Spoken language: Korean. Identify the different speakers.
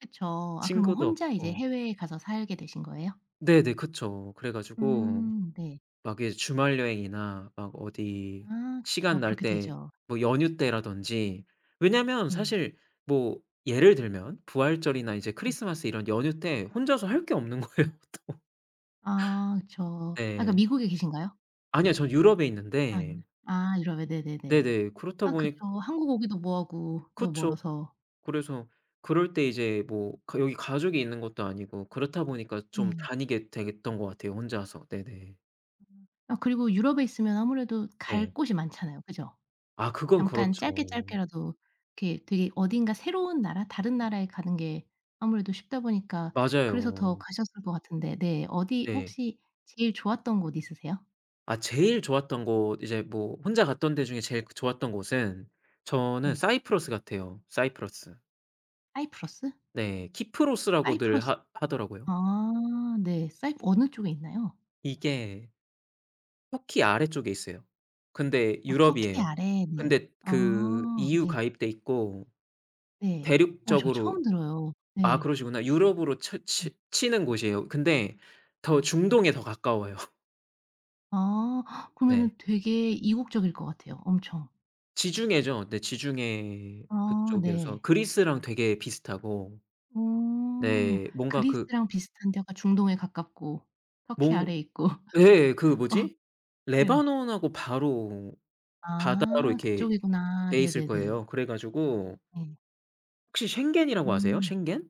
Speaker 1: 그쵸. 아 그러면
Speaker 2: 친구도
Speaker 1: 혼자 이제
Speaker 2: 없고.
Speaker 1: 해외에 가서 살게 되신 거예요?
Speaker 2: 네네 그쵸. 그래 가지고
Speaker 1: 음 네.
Speaker 2: 막 예 주말여행이나 막 어디
Speaker 1: 아
Speaker 2: 시간
Speaker 1: 그쵸.
Speaker 2: 날
Speaker 1: 그렇게
Speaker 2: 때
Speaker 1: 되죠.
Speaker 2: 뭐 연휴 때라든지 왜냐하면
Speaker 1: 네.
Speaker 2: 사실 뭐 예를 들면 부활절이나 이제
Speaker 1: 네.
Speaker 2: 크리스마스 이런 연휴 때 혼자서 할 게 없는 거예요. 또.
Speaker 1: 아 그쵸. 아
Speaker 2: 네.
Speaker 1: 그러니까 미국에 계신가요?
Speaker 2: 아니요. 저는 유럽에 있는데
Speaker 1: 안 아 유럽에 네네네.
Speaker 2: 네네. 그렇다
Speaker 1: 아
Speaker 2: 보니
Speaker 1: 그쵸 한국 오기도 뭐하고 너무
Speaker 2: 그쵸.
Speaker 1: 멀어서.
Speaker 2: 그래서 그럴 때 이제 뭐 그 여기 가족이 있는 것도 아니고 그렇다 보니까 좀
Speaker 1: 네.
Speaker 2: 다니게 되겠던 것 같아요 혼자서. 네네.
Speaker 1: 아 그리고 유럽에 있으면 아무래도 갈
Speaker 2: 네.
Speaker 1: 곳이 많잖아요, 그죠?
Speaker 2: 아 그건
Speaker 1: 잠깐 짧게
Speaker 2: 그렇죠.
Speaker 1: 짧게라도 이렇게 되게 어딘가 새로운 나라 다른 나라에 가는 게 아무래도 쉽다 보니까 그래서 더
Speaker 2: 맞아요.
Speaker 1: 가셨을 것 같은데 네. 어디
Speaker 2: 네.
Speaker 1: 혹시 제일 좋았던 곳 있으세요?
Speaker 2: 아 제일 좋았던 곳 이제 뭐 혼자 갔던 데 중에 제일 그 좋았던 곳은 저는
Speaker 1: 네.
Speaker 2: 사이프러스 같아요. 사이프러스.
Speaker 1: 사이프러스?
Speaker 2: 네 키프로스라고들
Speaker 1: 사이프러스
Speaker 2: 하 하더라고요.
Speaker 1: 아 네. 사이프 어느 쪽에 있나요?
Speaker 2: 이게 터키 아래쪽에 있어요. 근데
Speaker 1: 어 터키
Speaker 2: 유럽이에요.
Speaker 1: 아래 네.
Speaker 2: 근데 그
Speaker 1: 아
Speaker 2: EU
Speaker 1: 네.
Speaker 2: 가입돼 있고
Speaker 1: 네. 어 저
Speaker 2: 대륙적으로
Speaker 1: 처음 들어요.
Speaker 2: 아
Speaker 1: 네.
Speaker 2: 그러시구나. 유럽으로 쳐
Speaker 1: 네.
Speaker 2: 치 치는 곳이에요. 근데 더
Speaker 1: 네.
Speaker 2: 중동에 더 가까워요.
Speaker 1: 아
Speaker 2: 네.
Speaker 1: 그러면은 되게 이국적일 것 같아요 엄청.
Speaker 2: 지중해죠. 네 지중해
Speaker 1: 아
Speaker 2: 그쪽이어서
Speaker 1: 네.
Speaker 2: 그리스랑 되게 비슷하고
Speaker 1: 음.
Speaker 2: 네. 뭔가 그
Speaker 1: 그리스랑 비슷한 데 약간 중동에 가깝고 터키
Speaker 2: 몽
Speaker 1: 아래에 있고.
Speaker 2: 예예. 그
Speaker 1: 어
Speaker 2: 뭐지?
Speaker 1: 네.
Speaker 2: 레바논하고 바로 바다로
Speaker 1: 아.
Speaker 2: 이렇게
Speaker 1: 그쪽이구나.
Speaker 2: 돼 있을 거예요.
Speaker 1: 네네네.
Speaker 2: 그래 가지고
Speaker 1: 네.
Speaker 2: 혹시 솅겐이라고 아세요?
Speaker 1: 음.
Speaker 2: 솅겐?